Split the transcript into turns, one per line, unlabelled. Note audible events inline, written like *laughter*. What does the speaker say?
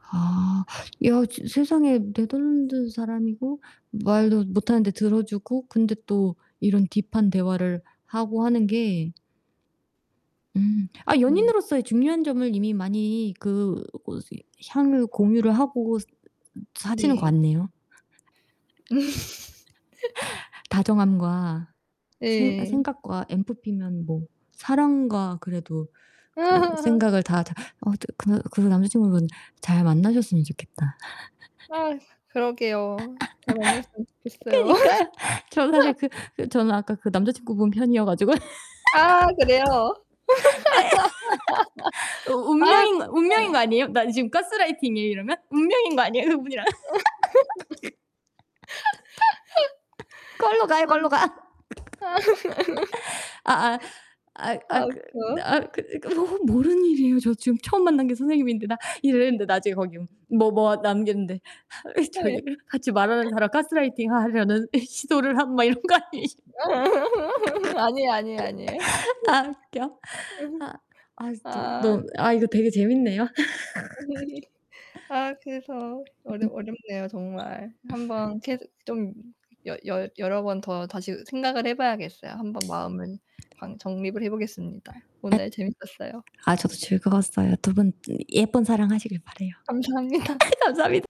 아. 야 저 세상에 네덜란드 사람이고 말도 못하는데 들어 주고 근데 또 이런 딥한 대화를 하고 하는 게 음. 아
음.
연인으로서의 중요한 점을 이미 많이 그 고시 향을 공유를 하고 스 사시는 것
네.
같네요.
음.
*laughs* 다정함과 생
예.
생각과 ENFP면 뭐 사랑과 그래도 그
*laughs*
생각을 다 다 어 드 그러 그런 남자친구분 잘 만나셨으면 좋겠다. *laughs*
아 그러게요. 잘 만났으면
*laughs*
좋겠어요.
그니까요. 저는 사실
*laughs*
그 그 저는 아까 그 남자친구 분 편이어 가지고. *laughs* 네.
아 그래요?
*laughs* 어
*laughs* 아
운명인 거 운명인 거
그러니까.
아니에요? 나 지금 가스 라이팅이에요 이러면? 운명인 거 아니에요, 그분이랑?
*laughs*
*laughs* 걸로 가요, 걸로 가.
아. 아.
*laughs* 아 아 아이
*laughs*
아이
아
그
웃겨.
나 그 그거 모르는 일이에요. 저 지금 처음 만난 게 선생님인데 나 이랬는데 나중에 거기 뭐 뭐 남겼는데
예.
저기를 "같이 말하는 사람 가스라이팅 하려는 이 시도를 함." 막 이런 거 아니시
*laughs* 아니에요, 아니에요, 아니에요. 네.
*laughs* 아 웃겨.
*laughs*
아 아이 저
아.
넌 아 이거 되게 재밌네요. *laughs* 음.
*laughs* 아 그래서 어렵 어렵네요 정말. 1 번
*laughs*
계속 좀 여 열 여러 번 더 다시 생각을 해 봐야겠어요. 1 번 마음을 방 정립을 해 보겠습니다.
예.
오늘 재밌었어요.
아 저도 즐거웠어요. 두 분 예쁜 사랑 하시길 바라요.
감사합니다.
감사합니다.